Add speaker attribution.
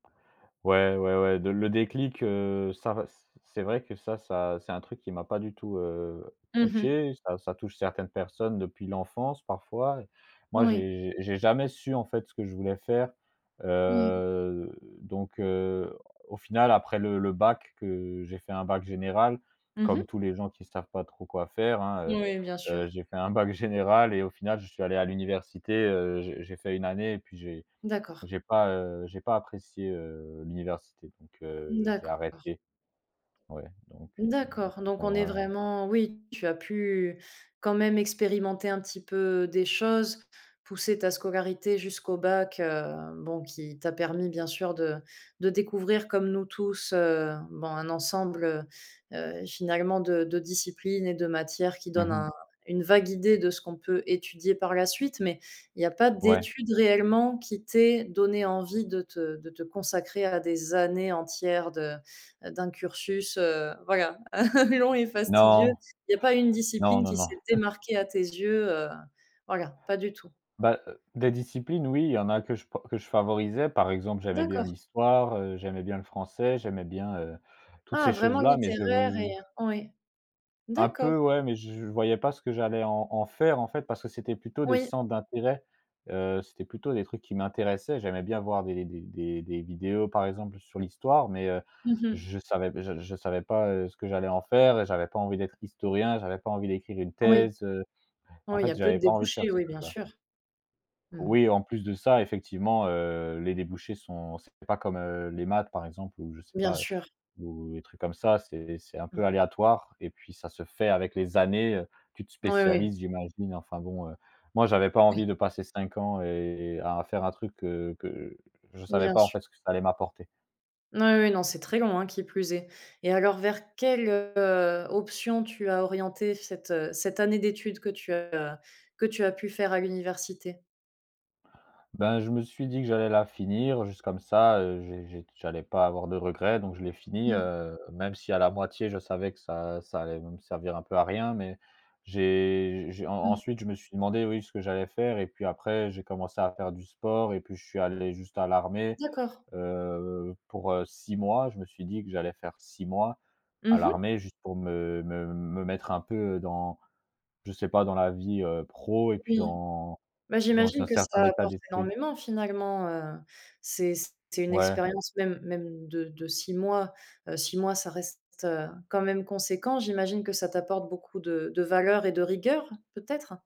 Speaker 1: Ouais, ouais, ouais, de le déclic, heu, ça res c'est vrai que ça ça c'est un truc qui m'a pas du tout, heu,
Speaker 2: Mmh mh.
Speaker 1: touché, ça ça touche certaines personnes depuis l'enfance, parfois. Moi,
Speaker 2: Oui.
Speaker 1: j'ai j'ai j'ai jamais su, en fait, ce que je voulais faire,
Speaker 2: Oui.
Speaker 1: heu, donc heu, au final, après le le bac que j'ai fait un bac général,
Speaker 2: Mmh mh.
Speaker 1: comme tous les gens qui savent pas trop quoi faire, hein,
Speaker 2: Oui, bien
Speaker 1: heu heu,
Speaker 2: sûr.
Speaker 1: j'ai fait un bac général et au final, je suis allé à l'université, heu, j'ai j'ai fait une année et puis j'ai
Speaker 2: D'accord.
Speaker 1: j'ai pas, heu, j'ai pas apprécié, heu, l'université, donc heu, j'ai
Speaker 2: D'accord.
Speaker 1: arrêté ouais, donc heu,
Speaker 2: D'accord, donc
Speaker 1: bon
Speaker 2: on
Speaker 1: bon,
Speaker 2: est
Speaker 1: voilà, hein.
Speaker 2: vraiment oui, tu as pu, quand même, expérimenter un petit peu des choses, pousser ta scolarité jusqu'au bac, heu, bon qui t'a permis, bien sûr, de de découvrir, comme nous tous, heu, bon, un ensemble, heu heu, finalement de de disciplines et de matières qui
Speaker 1: Mmh
Speaker 2: donnent
Speaker 1: mh.
Speaker 2: un une vague idée de ce qu'on peut étudier par la suite, mais il y a pas
Speaker 1: Ouais.
Speaker 2: d'études réellement qui t'aient donné envie de te de te consacrer à des années entières de d'un cursus, heu voilà, long et fastidieux,
Speaker 1: Non!
Speaker 2: il y a pas une
Speaker 1: Non,
Speaker 2: discipline
Speaker 1: non,
Speaker 2: qui
Speaker 1: non.
Speaker 2: s'est
Speaker 1: Mmh.
Speaker 2: démarquée à tes yeux, heu, voilà, pas du tout?
Speaker 1: Bah, des disciplines, oui, il y en a que je p que je favorisais, par exemple, j'aimais bien
Speaker 2: D'accord.
Speaker 1: l'Histoire, heu, j'aimais bien le Français, j'aimais bien, heu, toutes
Speaker 2: Ah!
Speaker 1: ces
Speaker 2: Vraiment
Speaker 1: choses-là mais je
Speaker 2: littéraire et oui.
Speaker 1: Un
Speaker 2: D'accord.
Speaker 1: peu, ouais, mais je voyais pas ce que j'allais en en faire, en fait, parce que c'était plutôt des
Speaker 2: Oui.
Speaker 1: centres d'intérêt, heu, c'était plutôt des trucs qui m'intéressaient, j'aimais bien voir des des des des vidéos, par exemple, sur l'Histoire mais heu,
Speaker 2: Mmh mh.
Speaker 1: je savais je savais pas, heu, ce que j'allais en faire et j'avais pas envie d'être historien, j'avais pas envie d'écrire une
Speaker 2: Oui.
Speaker 1: thèse, heu, en
Speaker 2: Oui, il y a
Speaker 1: fait,
Speaker 2: peu de
Speaker 1: j'avais pas envie de faire
Speaker 2: débouchés,
Speaker 1: ces
Speaker 2: oui, bien
Speaker 1: trucs-là.
Speaker 2: sûr. Mmh.
Speaker 1: Oui, en plus de ça, effectivement, heu, les débouchés sont c'est pas comme, heu, les maths par exemple, ou je sais
Speaker 2: Bien
Speaker 1: pas,
Speaker 2: sûr.
Speaker 1: ou les trucs comme ça, c'est c'est un
Speaker 2: Mmh.
Speaker 1: peu aléatoire et puis ça se fait avec les années, heu, tu te
Speaker 2: Oui, oui.
Speaker 1: spécialises, j'imagine, enfin, bon, heu, moi, j'avais pas
Speaker 2: Oui.
Speaker 1: envie de passer 5 ans et et à faire un truc que que je savais
Speaker 2: Bien
Speaker 1: pas, en
Speaker 2: su
Speaker 1: fait, ce que ça allait m'apporter.
Speaker 2: Oui, oui, non, c'est très long, hein, qui plus est, et alors, vers quelle, heu, option tu as orienté cette, heu, cette année d'études que tu as que tu as pu faire à l'université?
Speaker 1: Ben, je me suis dit que j'allais la finir, juste comme ça, heu, j'ai -j'ai j'allais pas avoir de regrets, donc je l'ai finie,
Speaker 2: Mmh.
Speaker 1: heu, même si, à la moitié, je savais que ça ça allait me servir un peu à rien, mais j'ai j'ai en
Speaker 2: Mmh.
Speaker 1: ensuite, je me suis demandé, oui, ce que j'allais faire et puis après j'ai commencé à faire du sport, et puis je suis allé juste à l'armée,
Speaker 2: D'accord.
Speaker 1: heu, pour, heu, 6 mois, je me suis dit que j'allais faire 6 mois,
Speaker 2: Mmh
Speaker 1: à
Speaker 2: mh.
Speaker 1: l'armée, juste pour me me me mettre un peu dans, je sais pas, dans la vie, heu, pro, et puis
Speaker 2: Oui,
Speaker 1: dans
Speaker 2: bah,
Speaker 1: dans
Speaker 2: j'imagine
Speaker 1: un
Speaker 2: que
Speaker 1: certain
Speaker 2: ça
Speaker 1: état
Speaker 2: apporte
Speaker 1: d'esprit.
Speaker 2: énormément, finalement, heu, c'est c'est une
Speaker 1: Ouais.
Speaker 2: expérience même même de de 6 mois, heu, 6 mois, ça reste, heu, quand même conséquent. J'imagine que ça t'apporte beaucoup de de valeurs et de rigueur, peut-être?